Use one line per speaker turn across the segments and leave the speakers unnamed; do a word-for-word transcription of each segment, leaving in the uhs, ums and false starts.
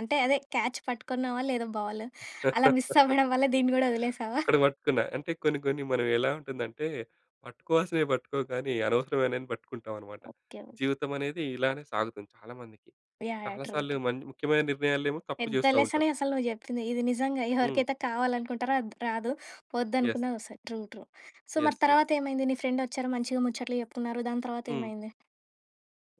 అంటే అదే క్యాచ్ పట్టుకున్నావా లేదా బాలు? అలా మిస్ అవ్వడం వల్ల దీన్ని కూడా వదిలేసావా?
అక్కడ పట్టుకున్న. అంటే కొన్ని కొన్ని మనం ఎలా ఉంటుందంటే పట్టుకోవాల్సినవి పట్టుకోం కానీ అనవసరమైనవన్ని పట్టుకుంటావనమాట.
ఓకే.
జీవితమనేది ఇలానే సాగుతుంది చాలా మందికి.
యాహ్! యాహ్!
చాలా
ట్రూ.
సార్లు
ట్రూ.
మన్ ముఖ్యమైన నిర్ణయాలేమో తప్పు
పెద్ద
చేస్తా ఉంటాం.
లెసనే అసలు నువ్వు చెప్పింది ఇది నిజంగా
హ్మ్.
ఎవరికైతే కావాలనుకుంటారో అది రాదు
యెస్.
వద్దనుకున్నది వస్తయి. ట్రూ. ట్రూ. సో, మరి
యెస్. యెస్.
తర్వాత ఏమైంది? నీ ఫ్రెండొచ్చారు మంచిగా ముచ్చట్లు చెప్పుకున్నారు. దాని
హ్మ్.
తర్వాతేమైంది?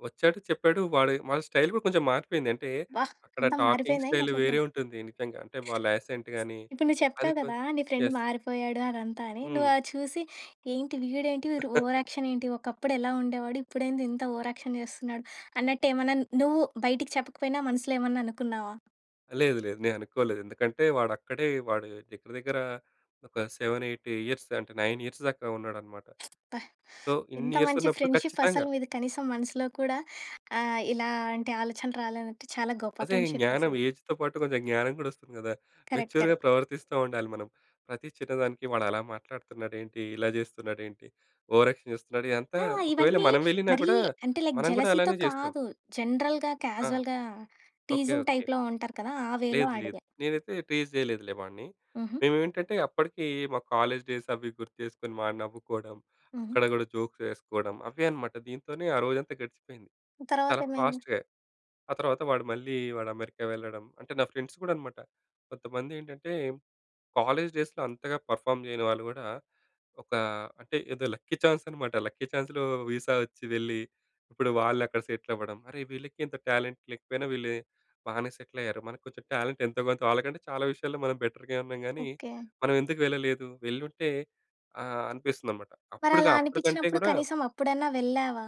వచ్చాడు. చెప్పాడు. వాడి, వాడి స్టైల్ కూడా కొంచెం మారిపోయింది. అంటే
వాహ్!
అక్కడ
అంతా
టాకింగ్
మారిపోయిందా ఏంది?
స్టైలు
అట్లయితే!
వేరే ఉంటుంది నిజంగా. అంటే వాళ్ళ యాసెంట్ గాని
ఇప్పుడు నువ్వు
అది
చెప్తావు కదా!
కొద్
నీ ఫ్రెండ్
యెస్.
మారిపోయాడు అదంతా అని. నువ్వు
హ్మ్.
అది చూసి ఏంటి? వీడేంటి? వీడు ఓవర్ యాక్షన్ ఏంటి? ఒకప్పుడెలా ఉండేవాడు? ఇప్పుడేంది ఇంత ఓవర్ యాక్షన్ చేస్తున్నాడు? అన్నట్టేమన్నా నువ్వు బయటికి చెప్పకపోయినా మనసులో ఏమన్నా అనుకున్నావా?
లేదు. లేదు. నేననుకోలేదు. ఎందుకంటే వాడు అక్కడే వాడు దగ్గర దగ్గర ఒక సెవెన్ ఎయిట్ ఇయర్స్ అంటే నైన్ ఇయర్స్ దాక ఉన్నాడన్నమాట.
అబ్బా!
సో, ఇన్ని
ఎంత
ఇయర్స్
మంచి
ఉన్నప్పుడు
ఫ్రెండ్‌షిప్
ఖచ్చితంగా.
అసలు మీది కనీసం మనసులో కూడా ఆహ్, ఇలాంటి ఆలోచన రాలేదంటే చాలా గొప్ప
అదే
ఫ్రెండ్‌షిప్
జ్ఞానం
అసలు.
ఏజ్‌తో పాటు కొంచెం జ్ఞానం కూడా వస్తుంది కదా!
కరెక్ట్. కరెక్ట్.
మెచ్యూర్‌గా ప్రవర్తిస్తా ఉండాలి మనం. ప్రతి చిన్నదానికి వాడలా మాట్లాడుతున్నాడేంటి? ఇలా చేస్తున్నాడేంటి? ఓవర్ యాక్షన్ చేస్తున్నాడు. ఇదంతా
ఆ!
ఒకవేళ
ఇవన్నీ
మనం వెళ్ళినా
మరీ
కూడా
అంటే లైక్
మనం గూడా
జలసీతో
అలానే చేస్తాం.
కాదు. జనరల్‌గా,
ఆ!
క్యాజువల్‌గా
ఓకే.
Teasing
okay.
టైప్‌లో ఉంటారు కదా! ఆ వేలో
లేదు. లేదు.
అడిగా.
నేనైతే టీజ్ చేయలేదులే వాడిని.
హుహు.
మేమేంటంటే అప్పటికీ మా కాలేజ్ డేస్ అవీ గుర్తు చేసుకొని వాడు నవ్వుకోవడం.
హుహు.
అక్కడ కూడా జోక్స్ వేసుకోవడం అవే అన్నమాట. దీంతోనే ఆ రోజంతా గడిచిపోయింది.
తర్వాత
చాలా
ఏమైంది?
ఫాస్ట్‌గా. ఆ తర్వాత వాడు మళ్ళీ వాడు అమెరికా వెళ్ళడం అంటే నా ఫ్రెండ్స్ కూడా అన్నమాట. కొంతమందేంటంటే కాలేజ్ డేస్‌‌లో అంతగా పర్‌ఫార్మ్ చేయని వాళ్ళు కూడా ఒక అంటే ఏదో లక్కీ చాన్స్ అన్నమాట. లక్కీ చాన్స్‌లో విసా వచ్చి వెళ్లి ఇప్పుడు వాళ్ళక్కడ సెటిలవ్వడం. అరే! వీళ్ళకి ఇంత టాలెంట్ లేకపోయినా వీళ్ళు బానే సెటిలయ్యారు. మనకు కొంచెం టాలెంట్ ఎంతో కొంత వాళ్ళకంటే చాలా విషయాల్లో మనం బెటర్‌గా ఉన్నాం గానీ
ఓకే.
మనం ఎందుకు వెళ్ళలేదు? వెళ్లుంటే ఆహ్, అనిపిస్తుందనమాట. అప్పుడుగా
మరలా
అప్పుడు కంటే
అనిపించినప్పుడు
గూడా
కనీసం అప్పుడన్నా వెళ్ళావా?